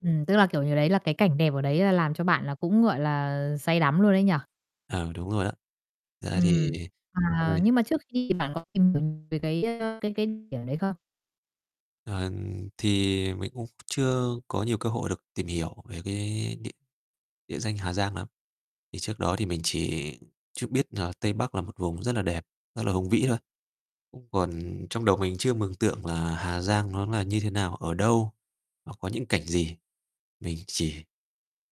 Ừm, tức là, kiểu như, đấy là cái cảnh đẹp ở đấy là làm cho bạn là cũng, gọi là, say đắm luôn ấy nhỉ? À, đúng rồi ạ. Ra thì Ừm, à, [unintelligible] nhưng mà trước khi bạn có tìm hiểu về cái, ơ, cái cái điểm đấy không? Ờ, thì mình cũng chưa có nhiều cơ hội được tìm hiểu về cái địa địa danh Hà Giang lắm, thì trước đó thì mình chỉ chút biết là Tây Bắc là một vùng rất là đẹp, rất là hùng vĩ thôi, cũng còn trong đầu mình chưa mường tượng là Hà Giang nó là như thế nào? Ở đâu? Nó có những cảnh gì? Mình chỉ,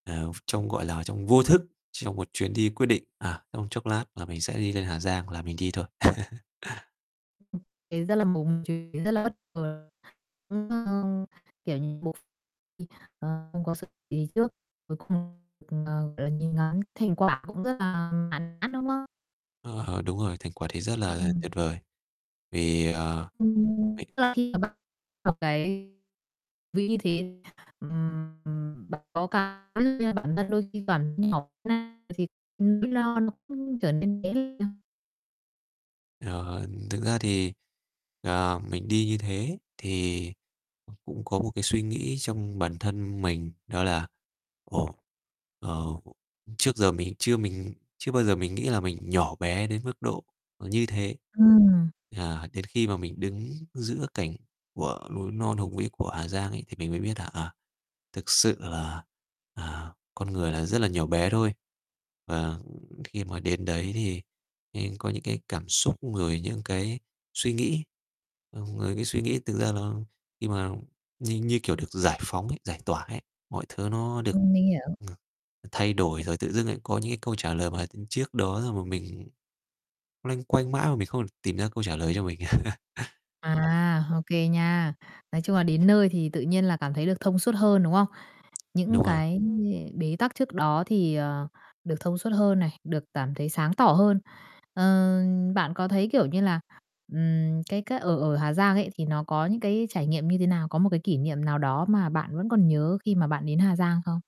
ờ, ph trong, gọi là, trong vô thức, trong một chuyến đi quyết định, à, trong chốc lát là mình sẽ đi lên Hà Giang là mình đi thôi. [unintelligible] Ấy, rất là [unintelligible] ấy, rất là bất ngờ cũng, ờ, kiểu như, một bộ phim không có sự [unintelligible] gì trước cuối cùng, ờ, gọi là, nhìn ngắm thành quả cũng rất là mãn nhãn, đúng không? Ơ hờ, đúng rồi, thành quả thì rất là Ừm. tuyệt vời, vì, ờ, Ừm. mì Tức là khi mà [unintelligible] một cái, vì như thế [unintelligible] bản thân đôi khi còn [unintelligible] nó nó cũng trở nên [unintelligible] Ờ, ừm, thực ra thì, ờ, mình đi như thế thì cũng có một cái suy nghĩ trong bản thân mình, đó là "Ồ, ờ, ưm, trước giờ mình chưa mình chưa bao giờ mình nghĩ là mình nhỏ bé đến mức độ, ờ, như thế", Ừm. à, đến khi mà mình đứng giữa cảnh của núi non hùng vĩ của Hà Giang ấy, thì mình mới biết là, à, thực sự là, à, con người là rất là nhỏ bé thôi. Và khi mà đến đấy thì nên có những cái cảm xúc, rồi những cái suy nghĩ, ờm, ờ, cái suy nghĩ thực ra nó khi mà như như, kiểu, được giải phóng ấy, giải tỏa ấy, mọi thứ nó được, Ừm, mình hiểu. ờ, thay đổi rồi tự dưng lại có những cái câu trả lời mà, ưm, trước đó xong mà mình loanh quanh mãi mà mình không thể tìm ra câu trả lời cho mình. [unintelligible] À, ô kê nha. Nói chung là đến nơi thì tự nhiên là cảm thấy được thông suốt hơn, đúng không? Những Đúng rồi. cái gì bế tắc trước đó thì, ờ, được thông suốt hơn này, được cảm thấy sáng tỏ hơn. Ờ, bạn có thấy, kiểu như là, ừm, cái cái ở ở Hà Giang ấy thì nó có những cái trải nghiệm như thế nào? Có một cái kỷ niệm nào đó mà bạn vẫn còn nhớ khi mà bạn đến Hà Giang không?